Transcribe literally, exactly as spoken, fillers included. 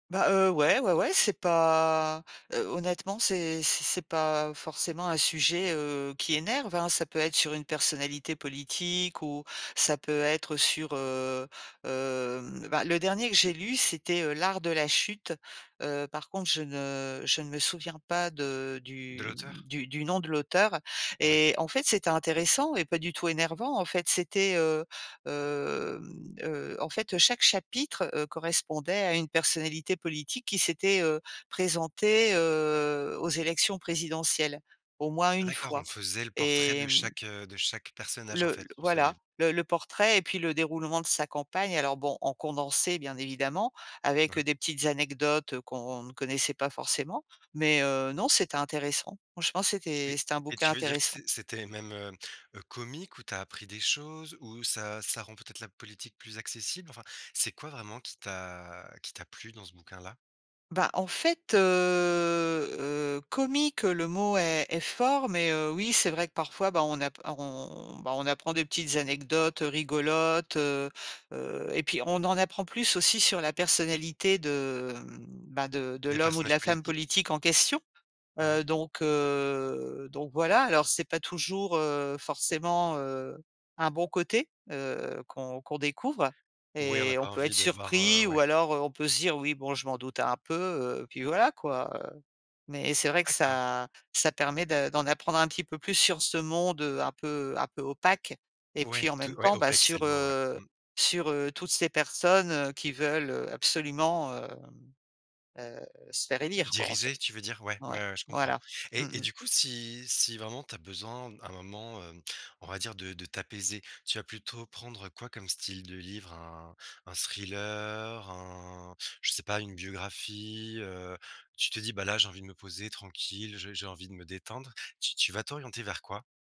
Bah, heu, ouais ouais ouais, c'est pas, heu, honnêtement, c'est c'est c'est pas forcément un sujet, heu, qui énerve hein? Ça peut être sur une personnalité politique ou ça peut être sur, heu, hem, bah le dernier que j'ai lu, c'était L'art de la chute. Heu, par contre, je ne je ne me souviens pas de De du, l'auteur? mmh, du du nom de l'auteur Ouais. et en fait, c'était intéressant et pas du tout énervant. En fait, c'était, heu, hem, heu, en fait, chaque chapitre, heu, correspondait à une personnalité politique qui s'était, heu, présentée, heu, aux élections présidentielles au moins Ah une d'accord, on fois, faisait le portrait et de mmh chaque, heu, de chaque personnage en le fait pour ce voilà, livre? le le portrait et puis le déroulement de sa campagne. Alors bon, en condensé bien évidemment, avec, Mouais. heu, des petites anecdotes heu qu'on ne connaissait pas forcément, mais heu, non, c'était intéressant. Franchement c'était Et c'était un et bouquin tu veux dire que intéressant. c'é c'était même, heu, heu, comique? Où tu as appris des choses? Ou ça ça rend peut-être la politique plus accessible? Enfin, c'est quoi vraiment qui t'a qui t'a plu dans ce bouquin-là? Bah en fait, heu, heu, comique, le mot est est fort, mais heu, oui, c'est vrai que parfois, bah, on app on bah on apprend des petites anecdotes rigolotes, heu, heu, et puis on en apprend plus aussi sur la personnalité de, mmh, bah de de Des l'homme ou de personnages la femme politiques? politique en question. Mmh mh. Heu, donc heu, donc voilà, alors c'est pas toujours, heu, forcément, heu, un bon côté, heu, qu'on qu'on découvre Oui, on a et on pas peut envie être de voir, heu, surpris ou ouais. alors heu on peut se dire: «Oui, bon, je m'en doutais un peu», heu, puis voilà quoi, heu, mais c'est vrai que D'accord. ça ça permet de d'en apprendre un petit peu plus sur ce monde, heu, un peu un peu opaque, et Ouais, puis en tout même ouais, temps bah, opèque c'est sur, le mot, ouais. heu, Mmh. sur, heu, toutes ces personnes, heu, qui veulent heu absolument, hem, heu, se faire Heu, élire quoi en fait. diriger, tu veux dire? Ouais, Ouais, ouais, ouais je comprends, voilà. et Mmh et mh. du coup, si si vraiment tu as besoin, à un moment, hem, on va dire de de t'apaiser, tu vas plutôt prendre quoi comme style de livre? Un un thriller? Un je sais pas, une biographie, heu, tu te dis: «Bah là, j'ai envie de me poser tranquille, j'ai j'ai envie de me détendre», tu tu vas t'orienter vers quoi?